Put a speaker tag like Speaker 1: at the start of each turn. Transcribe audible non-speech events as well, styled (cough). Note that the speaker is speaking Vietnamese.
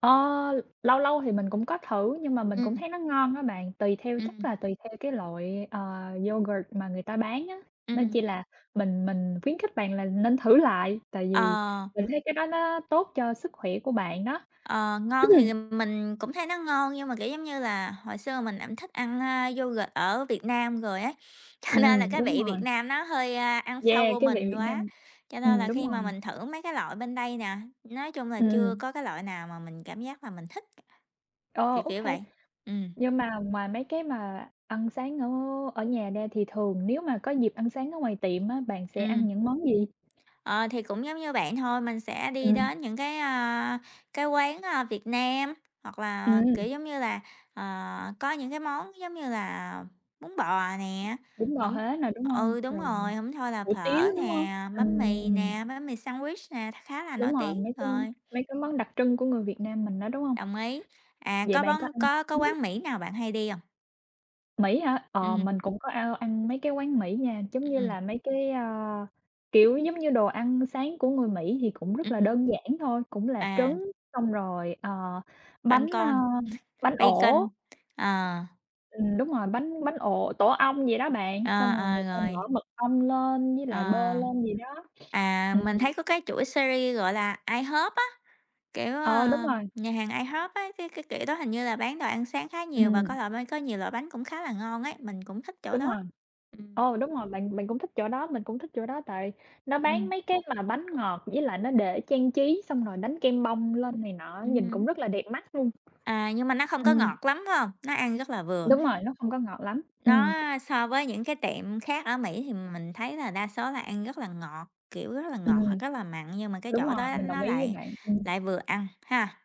Speaker 1: Ơ, l lâu lâu thì mình cũng có thử, nhưng mà mình cũng
Speaker 2: Ừm.
Speaker 1: thấy nó ngon á bạn, tùy theo chắc
Speaker 2: Ừm.
Speaker 1: là tùy theo cái loại, ờ, yoghurt mà người ta bán á. Nên
Speaker 2: Ừm.
Speaker 1: chỉ là mình mình khuyến khích bạn là nên thử lại, tại vì
Speaker 2: Ờ.
Speaker 1: mình thấy cái đó nó tốt cho sức khỏe của bạn đó.
Speaker 2: Ờ, ngon thì,
Speaker 1: (clears throat)
Speaker 2: ừm, mình cũng thấy nó ngon, nhưng mà, kiểu giống như là, hồi xưa mình cũng thích ăn, à, yoghurt ở Việt Nam rồi á, cho nên là
Speaker 1: Ừm,
Speaker 2: cái
Speaker 1: đúng
Speaker 2: vị Việt
Speaker 1: rồi.
Speaker 2: Nam nó hơi, a, ăn sâu
Speaker 1: Yeah,
Speaker 2: vô
Speaker 1: cái vị
Speaker 2: mình
Speaker 1: Việt
Speaker 2: quá,
Speaker 1: Nam,
Speaker 2: cho nên
Speaker 1: ừm,
Speaker 2: là
Speaker 1: đúng
Speaker 2: khi mà
Speaker 1: rồi.
Speaker 2: mình thử mấy cái loại bên đây nè, nói chung là
Speaker 1: Ừm,
Speaker 2: chưa
Speaker 1: ừm.
Speaker 2: có cái loại nào mà mình cảm giác là mình thích.
Speaker 1: Ờ,
Speaker 2: Kiểu kiểu
Speaker 1: okay.
Speaker 2: vậy. Ừm.
Speaker 1: Nhưng mà ngoài mấy cái mà ăn sáng ở ở nhà ra thì thường nếu mà có dịp ăn sáng ở ngoài tiệm á, bạn sẽ ăn
Speaker 2: Ừm.
Speaker 1: những món gì?
Speaker 2: Ờ, thì cũng giống như bạn thôi, mình sẽ đi
Speaker 1: Ừm.
Speaker 2: đến những cái, à, cái quán, ờ, Việt Nam, hoặc là,
Speaker 1: Ừm.
Speaker 2: kiểu giống như là, ờ, có những cái món giống như là bún bò nè,
Speaker 1: Bún bò
Speaker 2: hổng
Speaker 1: Huế nè, đúng hông?
Speaker 2: ừ, đúng
Speaker 1: Rồi
Speaker 2: rồi, hổng thôi là
Speaker 1: hủ tiếu,
Speaker 2: phở
Speaker 1: đúng hông?
Speaker 2: nè, bánh mì
Speaker 1: Ừm.
Speaker 2: nè, bánh mì sandwich nè, kha khá là nổi
Speaker 1: Đúng rồi,
Speaker 2: tiếng
Speaker 1: mấy cái
Speaker 2: rồi.
Speaker 1: mấy cái món đặc trưng của người Việt Nam mình đó, đúng hông?
Speaker 2: Đồng ý. À,
Speaker 1: Vậy
Speaker 2: có
Speaker 1: bạn
Speaker 2: bón
Speaker 1: có ăn
Speaker 2: có có
Speaker 1: ừm hứm.
Speaker 2: quán Mỹ nào bạn hay đi hông?
Speaker 1: Mỹ hả? Ờ,
Speaker 2: Ừm.
Speaker 1: mình cũng có ăn ăn mấy cái quán Mỹ nha, giống như
Speaker 2: Ừm.
Speaker 1: là mấy cái, à, kiểu, giống như đồ ăn sáng của người Mỹ thì cũng rất là
Speaker 2: Ừm.
Speaker 1: đơn giản thôi, cũng là
Speaker 2: À.
Speaker 1: trứng xong rồi, ờ,
Speaker 2: băng
Speaker 1: bánh, à,
Speaker 2: con,
Speaker 1: bánh
Speaker 2: (chuckles)
Speaker 1: ổ.
Speaker 2: bacon, ờ.
Speaker 1: Ừm, đúng rồi, bánh bánh ổ, tổ ong vậy đó bạn,
Speaker 2: Ờ,
Speaker 1: xong rồi
Speaker 2: ờ,
Speaker 1: người ta
Speaker 2: rồi.
Speaker 1: bỏ mật ong lên với
Speaker 2: Ờ.
Speaker 1: lại bơ lên gì đó.
Speaker 2: À,
Speaker 1: Ừm,
Speaker 2: mình
Speaker 1: ừm.
Speaker 2: thấy có cái chuỗi series gọi là IHOP á, kiểu,
Speaker 1: Ờ, đúng
Speaker 2: ờm,
Speaker 1: rồi.
Speaker 2: nhà hàng IHOP á, cái cái kiểu đó hình như là bán đồ ăn sáng khá nhiều và có
Speaker 1: Ừm.
Speaker 2: loại bánh có nhiều loại bánh cũng khá là ngon ấy, mình cũng thích chỗ
Speaker 1: Đúng
Speaker 2: đó.
Speaker 1: rồi.
Speaker 2: Ừm.
Speaker 1: Ô, đúng rồi. Bạn bạn cũng thích chỗ đó, mình cũng thích chỗ đó tại nó bán
Speaker 2: Ừm.
Speaker 1: mấy cái mà bánh ngọt với lại nó để trang trí xong rồi đánh kem bông lên này nọ á,
Speaker 2: Ừ
Speaker 1: nhìn cũng
Speaker 2: hứm.
Speaker 1: rất là đẹp mắt luôn.
Speaker 2: À, nhưng mà nó không có
Speaker 1: Ừm.
Speaker 2: ngọt lắm, phải hông? Nó ăn rất là vừa.
Speaker 1: Đúng rồi, nó không có ngọt lắm,
Speaker 2: Nó
Speaker 1: ừm.
Speaker 2: so với những cái tiệm khác ở Mỹ thì mình thấy là đa số là ăn rất là ngọt, kiểu rất là ngọt hoặc
Speaker 1: Ừm.
Speaker 2: rất là mặn, nhưng mà cái
Speaker 1: Đúng
Speaker 2: chỗ
Speaker 1: rồi,
Speaker 2: đó
Speaker 1: mình đồng
Speaker 2: nó
Speaker 1: ý với
Speaker 2: lại
Speaker 1: bạn. Ừm.
Speaker 2: lại vừa ăn ha.